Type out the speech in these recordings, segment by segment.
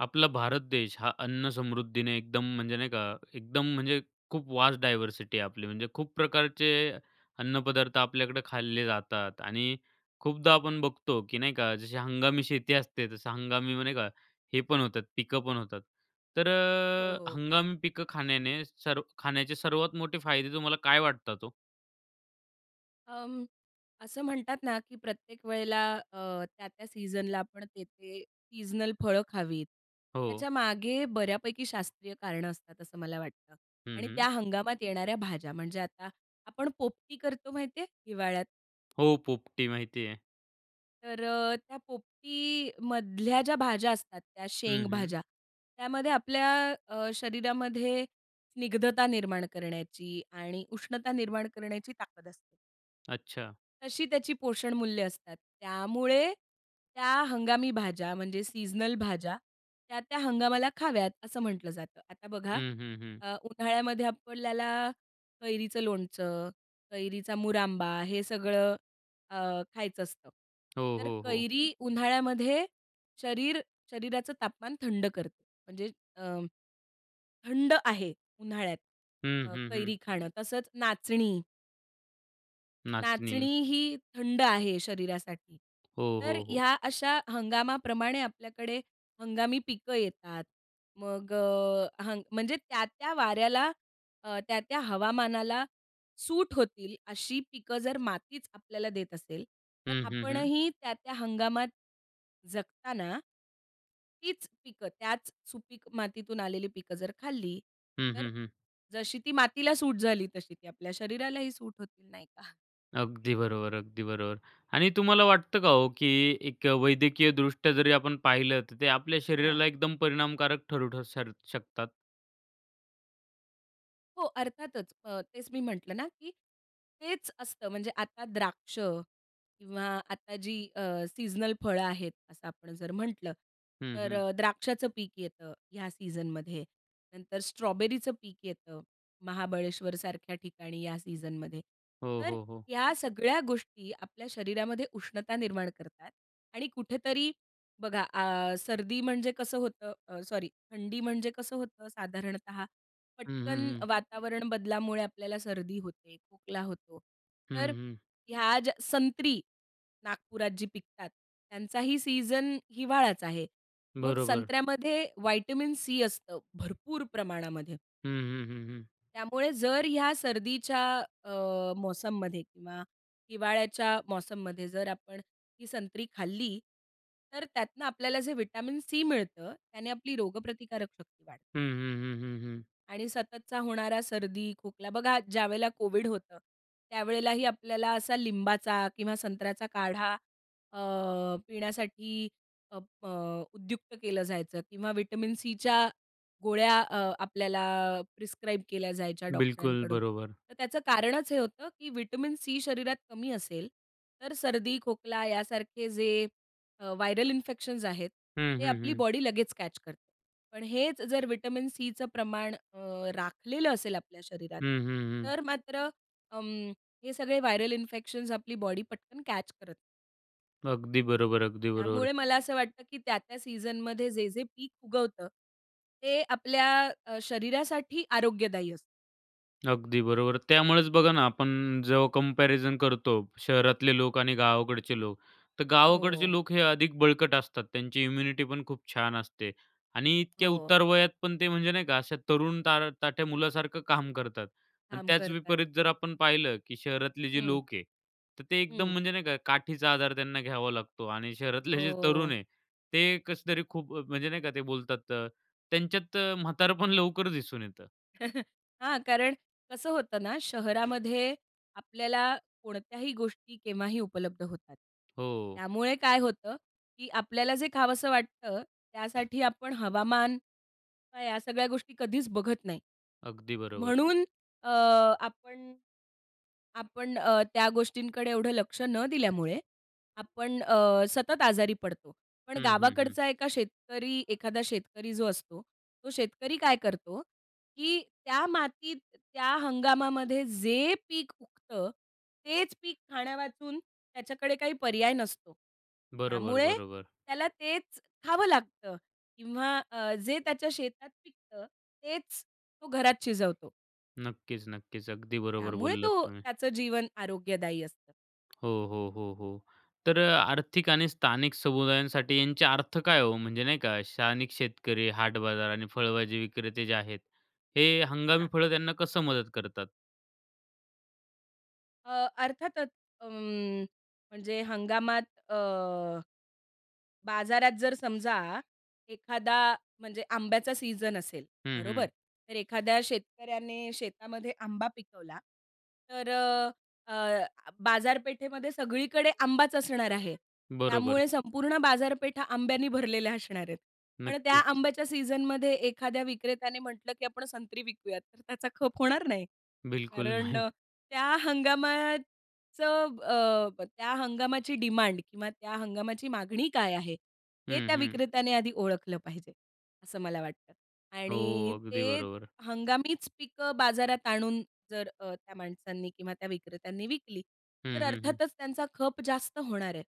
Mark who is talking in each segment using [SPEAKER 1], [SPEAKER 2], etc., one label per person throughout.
[SPEAKER 1] आपला भारत देश हा अन्न समृद्धीने एकदम म्हणजे नाही का, एकदम म्हणजे खूप वास्ट डायव्हर्सिटी आहे आपली. म्हणजे खूप प्रकारचे अन्नपदार्थ आपल्याकडं खाल्ले जातात आणि खूपदा आपण बघतो, की नाही का, जशी हंगामी शेती असते. तसं हंगामी [unintelligible] नाही का, हे पण होतात, पिकं पण होतात. तर
[SPEAKER 2] हो,
[SPEAKER 1] अ,
[SPEAKER 2] हो.
[SPEAKER 1] हंगामी पिकं खाण्याने सर्व खाण्याचे सर्वात मोठे फायदे तुम्हाला काय वाटतात हो?
[SPEAKER 2] अं, असं म्हणतात ना, की प्रत्येक वेळेला अ, त्या-त्या सीझनला आपण तेथे सीजनल फळं खावीत.
[SPEAKER 1] हो.
[SPEAKER 2] त्याच्यामागे बऱ्यापैकी शास्त्रीय कारणं असतात, असं मला वाटतं
[SPEAKER 1] हं,
[SPEAKER 2] आणि
[SPEAKER 1] हं.
[SPEAKER 2] त्या हंगामात येणाऱ्या भाज्या. म्हणजे आता आपण पोपटी करतो माहिती आहे, हिवाळ्यात?
[SPEAKER 1] हो, पोपटी माहिती आहे.
[SPEAKER 2] तर अ, त्या पोपटीमधल्या ज्या भाज्या असतात, त्या
[SPEAKER 1] हं, हं.
[SPEAKER 2] शेंगभाज्या. त्यामध्ये आपल्या अ, शरीरामध्ये स्निग्धता निर्माण करण्याची आणि उष्णता निर्माण करण्याची ताकद असते.
[SPEAKER 1] अच्छा.
[SPEAKER 2] तशी त्याची पोषणमूल्य असतात. त्यामुळे त्या हंगामी भाज्या म्हणजे सीझनल भाज्या त्या-त्या हंगामाला खाव्यात, असं म्हटलं जातं. आता बघा,
[SPEAKER 1] हं, हं, हं.
[SPEAKER 2] अ, उन्हाळ्यामध्ये आपल्याला कैरीचं लोणचं, कैरीचा मुरांबा हे सगळं अ, खायचं असतं.
[SPEAKER 1] हो,
[SPEAKER 2] तर
[SPEAKER 1] हो, हो.
[SPEAKER 2] कैरी उन्हाळ्यामध्ये शरीर शरीराचं तापमान थंड करते. म्हणजे अ, थंड आहे उन्हाळ्यात
[SPEAKER 1] हं,
[SPEAKER 2] अ,
[SPEAKER 1] हं, हं.
[SPEAKER 2] कैरी खाणं. तसंच नाचणी नाचणी
[SPEAKER 1] नाचणी.
[SPEAKER 2] ही थंड आहे शरीरासाठी.
[SPEAKER 1] हो,
[SPEAKER 2] तर
[SPEAKER 1] हो, हो.
[SPEAKER 2] ह्या अशा हंगामाप्रमाणे आपल्याकडे हंगामी पिकं येतात. मग अ, हंग म्हणजे त्या, त्या वाऱ्याला, अ, त्या, त्या हवामानाला सूट होतील अशी पिकं जर मातीच आपल्याला देत असेल, तर
[SPEAKER 1] हं, हं, हं.
[SPEAKER 2] आपणही त्या त्या हंगामात जगताना तीच पिकं, त्याच सुपीक मातीतून आलेली पिकं जर खाल्ली
[SPEAKER 1] हं,
[SPEAKER 2] तर
[SPEAKER 1] हं, हं.
[SPEAKER 2] जशी ती मातीला सूट झाली, तशी ती आपल्या शरीरालाही सूट होतील, नाही का?
[SPEAKER 1] अगदी बरोबर, अगदी बरोबर आणि तुम्हाला वाटतं का हो, की एक वैद्यकीय दृष्ट्या जरी आपण पाहिलं तर ते आपल्या
[SPEAKER 2] हां.
[SPEAKER 1] शरीराला एकदम परिणामकारक ठरू ठर शकतात?
[SPEAKER 2] हो, अर्थातच अ, तेच मी म्हटलं ना, की हेच असतं, म्हणजे आता द्राक्ष किंवा आता जी अ, सीजनल फळं आहेत असं आपण जर म्हटलं.
[SPEAKER 1] हं,
[SPEAKER 2] तर
[SPEAKER 1] हं.
[SPEAKER 2] द्राक्षाचं पीक येतं या सीझनमध्ये, नंतर स्ट्रॉबेरीचं पीक येतं महाबळेश्वरसारख्या ठिकाणी या सीझनमध्ये.
[SPEAKER 1] हो,
[SPEAKER 2] तर
[SPEAKER 1] हो, हो.
[SPEAKER 2] ह्या सगळ्या गोष्टी आपल्या शरीरामध्ये उष्णता निर्माण करतात आणि कुठेतरी बघा अ, सर्दी म्हणजे कसं होतं? अ, सॉरी, थंडी म्हणजे कसं होतं, साधारणतः
[SPEAKER 1] हं, हं,
[SPEAKER 2] पटकन
[SPEAKER 1] हं.
[SPEAKER 2] वातावरण बदलामुळे आपल्याला सर्दी होते, खोकला होतो.
[SPEAKER 1] हं,
[SPEAKER 2] तर
[SPEAKER 1] हं.
[SPEAKER 2] ह्या ज्या संत्री, नागपुरात जी पिकतात, त्यांचाही सीझन हिवाळाच आहे. मग
[SPEAKER 1] बरोबर.
[SPEAKER 2] संत्र्यामध्ये व्हिटॅमिन सी असतं भरपूर प्रमाणामध्ये.
[SPEAKER 1] हं, हं, हं, हं.
[SPEAKER 2] त्यामुळे जर ह्या सर्दीच्या अ, मौसममध्ये किंवा हिवाळ्याच्या मौसममध्ये जर आपण ही संत्री खाल्ली, तर त्यातनं आपल्याला जे व्हिटॅमिन सी मिळतं, त्याने आपली रोगप्रतिकारक शक्ती वाढते.
[SPEAKER 1] हं, हं, हं, हं, हं.
[SPEAKER 2] आणि सततचा होणारा सर्दी, खोकला बघा ज्यावेळेला कोविड होतं, त्यावेळेलाही आपल्याला असा लिंबाचा किंवा संत्र्याचा काढा अ, पिण्यासाठी अप अ, उद्युक्त केलं जायचं किंवा व्हिटॅमिन सीच्या गोळ्या अ, आपल्याला अ, प्रिस्क्राईब केल्या जायच्या
[SPEAKER 1] बिलकुल,
[SPEAKER 2] डॉक्टरांकडून.
[SPEAKER 1] बरोबर.
[SPEAKER 2] तर त्याचं कारणच हे होतं, की व्हिटॅमिन सी शरीरात कमी असेल, तर सर्दी, खोकला यासारखे जे अ, व्हायरल इन्फेक्शन्स आहेत
[SPEAKER 1] हं,
[SPEAKER 2] ते
[SPEAKER 1] हं,
[SPEAKER 2] आपली
[SPEAKER 1] हं.
[SPEAKER 2] बॉडी लगेच कॅच करते. पण हेच जर व्हिटॅमिन सीचं प्रमाण अ, राखलेलं असेल आपल्या शरीरात,
[SPEAKER 1] हं, हं, हं.
[SPEAKER 2] तर मात्र अं, हे सगळे व्हायरल इन्फेक्शन्स आपली बॉडी पटकन कॅच करत नाही.
[SPEAKER 1] अगदी बरोबर, अगदी बरोबर.
[SPEAKER 2] त्यामुळे मला असं वाटतं की त्या-त्या सीझन मध्ये जे-जे पीक उगवतं, ते आपल्या अ, शरीरासाठी आरोग्यदायी असतं.
[SPEAKER 1] अगदी बरोबर. त्यामुळेच बघा ना, आपण जेव्हा कम्पॅरिझन करतो. शहरातले लोक आणि गावाकडचे लोक, तर गावाकडचे
[SPEAKER 2] हो.
[SPEAKER 1] लोक हे अधिक बळकट असतात. त्यांची इम्युनिटी पण खूप छान असते आणि इतक्या
[SPEAKER 2] हो.
[SPEAKER 1] उतारवयात पण ते म्हणजे नाही का, अशा तरुण तार ताठ्या मुलासारखं काम करतात आणि
[SPEAKER 2] काम
[SPEAKER 1] त्याच
[SPEAKER 2] करतात.
[SPEAKER 1] विपरीत जर आपण पाहिलं, की शहरातले जे
[SPEAKER 2] हं.
[SPEAKER 1] लोक आहे तर ते एकदम
[SPEAKER 2] हं.
[SPEAKER 1] म्हणजे नाही का, काठीचा आधार त्यांना घ्यावा लागतो आणि शहरातले जे तरुण
[SPEAKER 2] हो.
[SPEAKER 1] आहे, ते कसेतरी खूप अ, म्हणजे नाही का ते बोलतात? तर त्यांच्यात म्हातारपण लवकर दिसून येतं.
[SPEAKER 2] हां, कारण कसं होतं ना शहरामध्ये आपल्याला कोणत्याही गोष्टी केव्हाही उपलब्ध होतात.
[SPEAKER 1] हो.
[SPEAKER 2] त्यामुळे काय होतं, की आपल्याला जे खावंसं वाटतं, त्यासाठी आपण हवामान किंवा या सगळ्या गोष्टी कधीच बघत नाही.
[SPEAKER 1] अगदी बरोबर.
[SPEAKER 2] म्हणून अ, आपण आपण अ, त्या गोष्टींकडे एवढं लक्ष न दिल्यामुळे, आपण अ, सतत आजारी पडतो. पण
[SPEAKER 1] हं, हं, हं.
[SPEAKER 2] गावाकडचा एका शेतकरी एखादा शेतकरी जो असतो, तो शेतकरी काय करतो? की त्या मातीत, त्या हंगामामध्ये जे पीक उगतं, तेच पीक खाण्यावाचून त्याच्याकडे काही पर्याय नसतो.
[SPEAKER 1] बरोबर,
[SPEAKER 2] त्यामुळे
[SPEAKER 1] बरोबर.
[SPEAKER 2] त्याला तेच खावं लागतं किंवा अ, जे त्याच्या शेतात पिकतं, तेच तो घरात शिजवतो.
[SPEAKER 1] नक्कीच ,नक्कीच अगदी बरोबर
[SPEAKER 2] त्यामुळे
[SPEAKER 1] बोललात
[SPEAKER 2] तो,
[SPEAKER 1] तुम्ही.
[SPEAKER 2] त्याचं जीवन आरोग्यदायी असतं.
[SPEAKER 1] हो, हो, हो, हो. तर आर्थिक आणि स्थानिक समुदायांसाठी यांचे अर्थ काय आहे हो? म्हणजे नाही का स्थानिक शेतकरी, हाट बाजार आणि फळभाजी विक्रेते जे आहेत, हे हंगामी
[SPEAKER 2] हां.
[SPEAKER 1] फळं त्यांना कसं मदत करतात?
[SPEAKER 2] अ, अर्थातच. उम्म, म्हणजे हंगामात अ, बाजारात जर समजा एखादा, म्हणजे आंब्याचा सीझन असेल,
[SPEAKER 1] हं,
[SPEAKER 2] बरोबर?
[SPEAKER 1] हं.
[SPEAKER 2] तर एखाद्या शेतकऱ्याने शेतामध्ये आंबा पिकवला, तर अ, बाजारपेठेमध्ये सगळीकडे आंबाच असणार आहे.
[SPEAKER 1] बरोबर.
[SPEAKER 2] त्यामुळे संपूर्ण बाजारपेठ हा आंब्यानी भरलेला असणार आहे. पण त्या
[SPEAKER 1] नक्कीच.
[SPEAKER 2] आंब्याच्या सीझनमध्ये एखाद्या विक्रेत्याने म्हटलं, "की आपण संत्री विकूयात." तर त्याचा खप होणार नाही.
[SPEAKER 1] बिलकुल
[SPEAKER 2] कारण
[SPEAKER 1] नाही.
[SPEAKER 2] त्या हंगामाचं अ, त्या हंगामाची डिमांड किंवा त्या हंगामाची मागणी काय आहे? हे
[SPEAKER 1] हं,
[SPEAKER 2] त्या
[SPEAKER 1] हं.
[SPEAKER 2] विक्रेत्याने आधी ओळखलं पाहिजे, असं मला वाटतं
[SPEAKER 1] हो,
[SPEAKER 2] आणि
[SPEAKER 1] अगदी
[SPEAKER 2] ते
[SPEAKER 1] बरोबर.
[SPEAKER 2] हंगामीच पिकं बाजारात आणून, जर अ, त्या माणसांनी किंवा त्या विक्रेत्यांनी विकली तर
[SPEAKER 1] हं, हं, हं.
[SPEAKER 2] अर्थातच त्यांचा खप जास्त होणार आहे.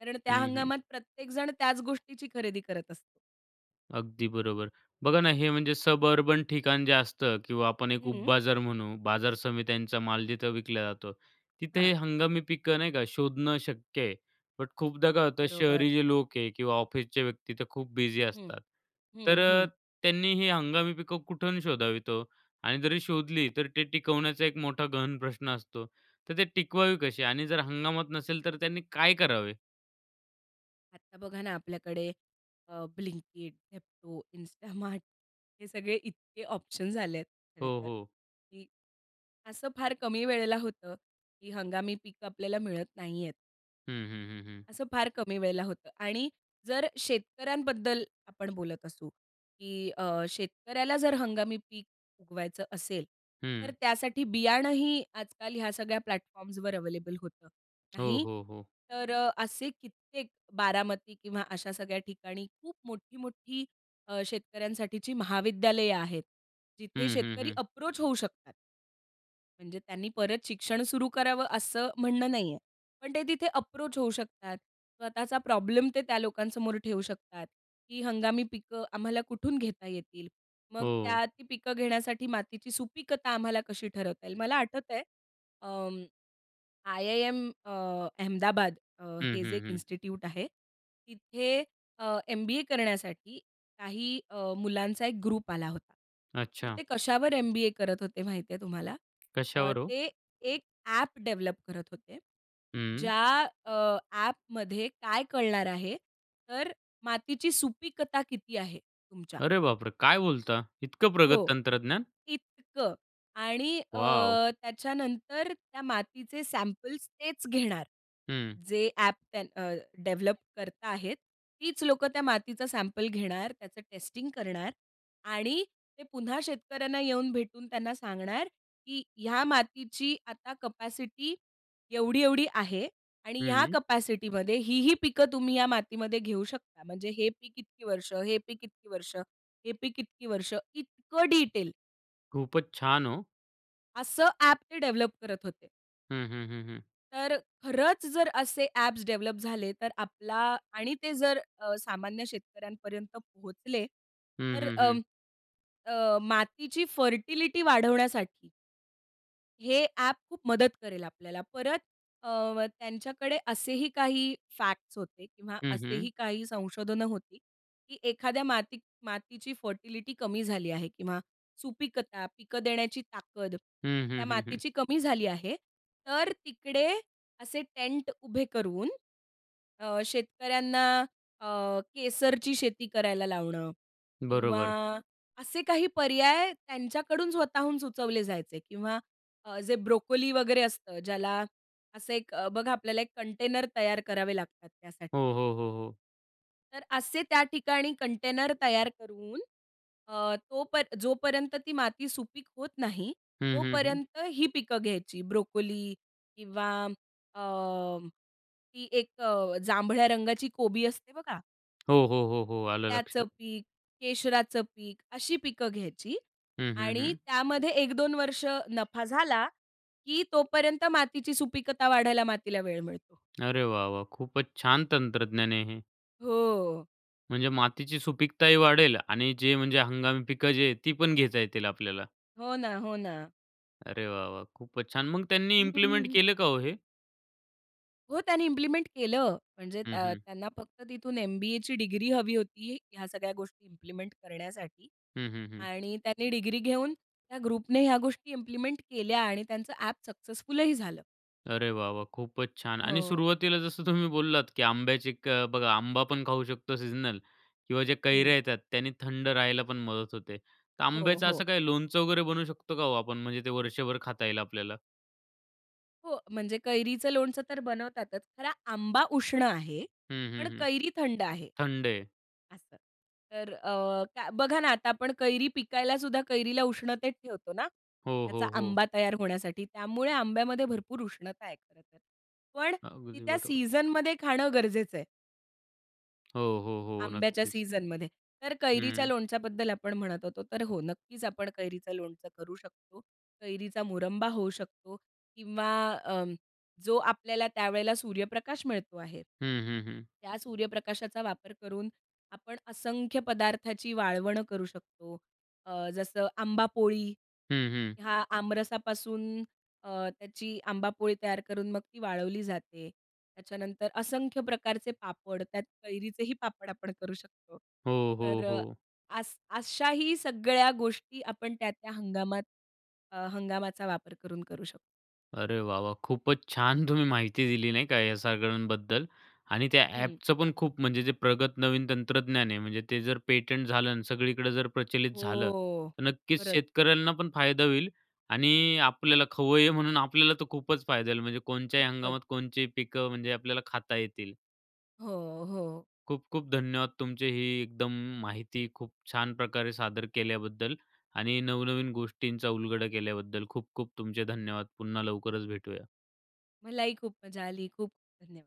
[SPEAKER 2] कारण त्या
[SPEAKER 1] हं, हं.
[SPEAKER 2] हंगामात प्रत्येकजण त्याच गोष्टीची खरेदी करत असतो.
[SPEAKER 1] अगदी बरोबर. बघा ना हे म्हणजे सबअर्बन ठिकाण जे असतं किंवा आपण एक
[SPEAKER 2] हम्म.
[SPEAKER 1] उपबाजार म्हणू बाजार समित्यांचा माल जिथं विकला जातो, तिथं
[SPEAKER 2] हां.
[SPEAKER 1] हे हंगामी पिकं नाही का, शोधणं शक्य आहे. बट खूपदा काय होतं
[SPEAKER 2] बरोबर.
[SPEAKER 1] शहरी जे लोक आहे किंवा ऑफिसचे व्यक्ती तर खूप बिझी
[SPEAKER 2] हं.
[SPEAKER 1] असतात, तर
[SPEAKER 2] हं,
[SPEAKER 1] अ,
[SPEAKER 2] हं.
[SPEAKER 1] त्यांनी हे हंगामी पिकं कुठून शोधावीत हो? आणि जरी शोधली तर ते टिकवण्याचा एक मोठा गहन प्रश्न असतो. तर ते टिकवावी कशी आणि जर हंगामात नसेल, तर त्यांनी काय करावे?
[SPEAKER 2] आता बघा ना, आपल्याकडे अ, ब्लिंकिट, झेप्टो, इन्स्टामार्ट हे सगळे इतके ऑप्शन्स आले आहेत खरं
[SPEAKER 1] हो,
[SPEAKER 2] तर,
[SPEAKER 1] हो.
[SPEAKER 2] की असं फार कमी वेळेला होतं की हंगामी पिकं आपल्याला मिळत नाहीयेत.
[SPEAKER 1] हं, हं, हं, हं.
[SPEAKER 2] असं फार कमी वेळेला होतं आणि जर शेतकऱ्यांबद्दल आपण बोलत असू, की अ, शेतकऱ्याला जर हंगामी पीक उगवायचं असेल, तर
[SPEAKER 1] हं.
[SPEAKER 2] त्यासाठी बियाणंही आजकाल ह्या सगळ्या प्लॅटफॉर्म्सवर अवेलेबल होतात.
[SPEAKER 1] हो,
[SPEAKER 2] नाही,
[SPEAKER 1] हो, हो.
[SPEAKER 2] तर अ, असे कित्येक बारामती किंवा अशा सगळ्या ठिकाणी खूप मोठी-मोठी अ, शेतकऱ्यांसाठीची महाविद्यालयं आहेत, जिथे
[SPEAKER 1] हं, हं,
[SPEAKER 2] शेतकरी
[SPEAKER 1] हं.
[SPEAKER 2] अप्रोच होऊ शकतात. म्हणजे त्यांनी परत शिक्षण सुरू करावं, असं म्हणणं नाही आहे, पण ते तिथे अप्रोच होऊ शकतात. स्वतःचा प्रॉब्लेम ते त्या लोकांसमोर ठेवू शकतात, की हंगामी पिकं आम्हाला कुठून घेता येतील? मग
[SPEAKER 1] हो.
[SPEAKER 2] त्या ती पिकं घेण्यासाठी मातीची सुपीकता आम्हाला कशी ठरवता येईल? मला आठवतंय, अ, आयआयएम अ, अहमदाबाद अ,
[SPEAKER 1] हं,
[SPEAKER 2] हे जे
[SPEAKER 1] हं,
[SPEAKER 2] एक
[SPEAKER 1] हं.
[SPEAKER 2] इन्स्टिट्यूट आहे तिथे अ, एमबीए करण्यासाठी काही अ, मुलांचा एक ग्रुप आला होता. तर
[SPEAKER 1] अच्छा.
[SPEAKER 2] ते कशावर एमबीए करत होते माहिती आहे तुम्हाला? अ,
[SPEAKER 1] कश्यावर हो?
[SPEAKER 2] ते एक ॲप डेव्हलप करत होते
[SPEAKER 1] हं.
[SPEAKER 2] ज्या अ, ॲपमध्ये काय कळणार आहे? तर मातीची सुपीकता किती आहे, तुमच्या?
[SPEAKER 1] अरे बापरे! काय बोलता? इतकं प्रगत
[SPEAKER 2] हो.
[SPEAKER 1] तंत्रज्ञान?
[SPEAKER 2] इतकं. आणि अ,
[SPEAKER 1] वॉव!
[SPEAKER 2] त्याच्यानंतर त्या मातीचे सॅम्पल्स तेच घेणार.
[SPEAKER 1] हं.
[SPEAKER 2] जे ॲप त्या अ, डेव्हलप करता आहेत, तीच लोकं त्या मातीचा सॅम्पल घेणार, त्याचं टेस्टिंग करणार आणि ते पुन्हा शेतकऱ्यांना येऊन भेटून त्यांना सांगणार, की ह्या मातीची आता कपॅसिटी एवढी-एवढी आहे. आणि ह्या
[SPEAKER 1] हं.
[SPEAKER 2] कपॅसिटीमध्ये ही, ही पिकं तुम्ही या मातीमध्ये घेऊ शकता. म्हणजे हे पीक इतकी वर्षं, हे पीक इतकी वर्षं, हे पीक इतकी वर्षं, इतकं डीटेल.
[SPEAKER 1] खूपच छान! ओ.
[SPEAKER 2] असं ॲप ते डेव्हलप करत होते.
[SPEAKER 1] हं, हं, हं, हं.
[SPEAKER 2] तर खरंच जर असे ॲप्स डेव्हलप झाले. तर आपला आणि ते जर अ, सामान्य शेतकऱ्यांपर्यंत पोहोचले,
[SPEAKER 1] हं,
[SPEAKER 2] तर
[SPEAKER 1] हं, हं.
[SPEAKER 2] अं, अ, मातीची फर्टिलिटी वाढवण्यासाठी. हे ॲप खूप मदत करेल आपल्याला. परत अ, व त्यांच्याकडे असेही काही फॅक्ट्स होते किंवा
[SPEAKER 1] हं,
[SPEAKER 2] असेही
[SPEAKER 1] हं.
[SPEAKER 2] काही संशोधनं होती, की एखाद्या माती मातीची फर्टिलिटी कमी झाली आहे किंवा सुपीकता पिकं देण्याची ताकद
[SPEAKER 1] हं,
[SPEAKER 2] त्या
[SPEAKER 1] हं, हं, हं.
[SPEAKER 2] मातीची कमी झाली आहे. तर तिकडे असे टेंट उभे करून अ, शेतकऱ्यांना अ, केसरची शेती करायला लावणं
[SPEAKER 1] बरोबर.
[SPEAKER 2] किंवा असे काही पर्याय त्यांच्याकडून स्वतःहून सुचवले जायचे किंवा अ, जे ब्रोकोली वगैरे असतं ज्याला असं एक बघा आपल्याला एक कंटेनर तयार करावे लागतात त्यासाठी.
[SPEAKER 1] हो, हो, हो, हो.
[SPEAKER 2] तर असे त्या ठिकाणी कंटेनर तयार करून अ, तोप जोपर्यंत ती माती सुपीक होत नाही,
[SPEAKER 1] हं, हं, हं.
[SPEAKER 2] तोपर्यंत ही पिकं घ्यायची, ब्रोकोली किंवा अ, ती एक अ, जांभळ्या रंगाची कोबी असते बघा.
[SPEAKER 1] हो, हो, हो, हो. आलं
[SPEAKER 2] त्याचं
[SPEAKER 1] लक्षात.
[SPEAKER 2] पीक, केशराचं पीक, अशी पिकं घ्यायची
[SPEAKER 1] हं, हं,
[SPEAKER 2] आणि
[SPEAKER 1] हं.
[SPEAKER 2] त्यामध्ये 1-2 वर्ष नफा झाला, की तोपर्यंत मातीची सुपीकता वाढायला मातीला वेळ मिळतो.
[SPEAKER 1] अरे! वाह, वाह! खूपच छान तंत्रज्ञान आहे हे.
[SPEAKER 2] हो.
[SPEAKER 1] म्हणजे मातीची सुपीकताही वाढेल आणि जे म्हणजे हंगामी पिकं जी आहेत, ती पण घेता येतील आपल्याला?
[SPEAKER 2] हो ना, हो ना.
[SPEAKER 1] अरे वाह, वाह! खूपच छान. मग त्यांनी
[SPEAKER 2] हं, हं,
[SPEAKER 1] इम्प्लिमेंट
[SPEAKER 2] हं.
[SPEAKER 1] केलं का हो हे?
[SPEAKER 2] हो, त्यांनी इम्प्लिमेंट केलं. म्हणजे
[SPEAKER 1] हं,
[SPEAKER 2] त्य
[SPEAKER 1] हं.
[SPEAKER 2] त्यांना फक्त तिथून एम-बी-एची डिग्री हवी होती. ह्या सगळ्या गोष्टी इम्प्लिमेंट करण्यासाठी
[SPEAKER 1] हं, हं, हं.
[SPEAKER 2] आणि त्यांनी डिग्री घेऊन त्या ग्रुपने ह्या गोष्टी इम्प्लिमेंट केल्या आणि त्यांचं ऍप सक्सेसफुलही झालं.
[SPEAKER 1] अरे! वाह वाह! खूपच छान आणि
[SPEAKER 2] हो.
[SPEAKER 1] सुरुवातीला जसं तुम्ही बोललात की आंब्याची क बघा आंबा पण खाऊ शकतो सीजनल किंवा जे
[SPEAKER 2] हं.
[SPEAKER 1] कैऱ्या येतात त्यांनी थंड राहायला पण मदत होते. तर
[SPEAKER 2] हो,
[SPEAKER 1] आंब्याचं
[SPEAKER 2] हो.
[SPEAKER 1] असं काही लोणचं वगैरे बनवू शकतो का हो आपण, म्हणजे ते वर्षभर खाता येईल आपल्याला?
[SPEAKER 2] हो, म्हणजे कैरीचं लोणचं तर बनवतातच. खरं आंबा उष्ण आहे,
[SPEAKER 1] हं, हं,
[SPEAKER 2] पण
[SPEAKER 1] हं.
[SPEAKER 2] कैरी थंड आहे,
[SPEAKER 1] थंड आहे.
[SPEAKER 2] असं. तर अ, काय बघा ना आता आपण कैरी पिकायला सुद्धा कैरीला उष्णतेत ठेवतो ना,
[SPEAKER 1] हो,
[SPEAKER 2] त्याचा
[SPEAKER 1] हो, हो.
[SPEAKER 2] आंबा तयार होण्यासाठी. त्यामुळे आंब्यामध्ये भरपूर उष्णता आहे खरं तर. पण ती
[SPEAKER 1] अगदी
[SPEAKER 2] त्या
[SPEAKER 1] बरोबर.
[SPEAKER 2] सीझनमध्ये खाणं गरजेचं आहे.
[SPEAKER 1] हो, हो, हो.
[SPEAKER 2] आंब्याच्या
[SPEAKER 1] नक्कीच.
[SPEAKER 2] सीझनमध्ये. तर कैरीच्या
[SPEAKER 1] हं.
[SPEAKER 2] लोणच्याबद्दल आपण म्हणत होतो. तर हो, नक्कीच आपण कैरीचं लोणचं करू शकतो. कैरीचा मुरंबा होऊ शकतो. किंवा अ, जो आपल्याला त्यावेळेला सूर्यप्रकाश मिळतो आहे,
[SPEAKER 1] हं, हं, हं.
[SPEAKER 2] त्या सूर्यप्रकाशाचा वापर करून आपण असंख्य पदार्थाची वाळवण करू शकतो. अ, जसं आंबा पोळी,
[SPEAKER 1] हं, हं.
[SPEAKER 2] हा आमरसापासून अ, त्याची आंबापोळी तयार करून मग ती वाळवली जाते. त्याच्यानंतर असंख्य प्रकारचे पापड. त्यात कैरीचेही पापड आपण करू शकतो.
[SPEAKER 1] हो, हो,
[SPEAKER 2] तर
[SPEAKER 1] हो.
[SPEAKER 2] अस अशाही सगळ्या गोष्टी आपण त्या त्या हंगामात अ, हंगामाचा वापर करून करू शकतो.
[SPEAKER 1] अरे वाह! वाह! खूपच छान तुम्ही माहिती दिली, नाही का, या सगळ्यांबद्दल. आणि त्या
[SPEAKER 2] हं.
[SPEAKER 1] ॲपचं पण खूप म्हणजे जे प्रगत नवीन तंत्रज्ञान आहे, म्हणजे ते जर पेटंट झालं आणि सगळीकडं जर प्रचलित झालं,
[SPEAKER 2] हो.
[SPEAKER 1] तर नक्कीच
[SPEAKER 2] परत.
[SPEAKER 1] शेतकऱ्यांना पण फायदा होईल. आणि आपल्याला खवय्ये म्हणून आपल्याला तर खूपच फायदा येईल. म्हणजे कोणत्याही
[SPEAKER 2] खूपच.
[SPEAKER 1] हंगामात कोणते ही पिकं म्हणजे आपल्याला खाता येतील.
[SPEAKER 2] हो, हो.
[SPEAKER 1] खूप-खूप धन्यवाद! तुमचे ही एकदम माहिती खूप छान प्रकारे सादर केल्याबद्दल आणि नवनवीन गोष्टींचा उलगडा केल्याबद्दल खूप-खूप तुमचे धन्यवाद. पुन्हा लवकरच भेटूया.
[SPEAKER 2] मलाही खूप मजा आली. खूप धन्यवाद.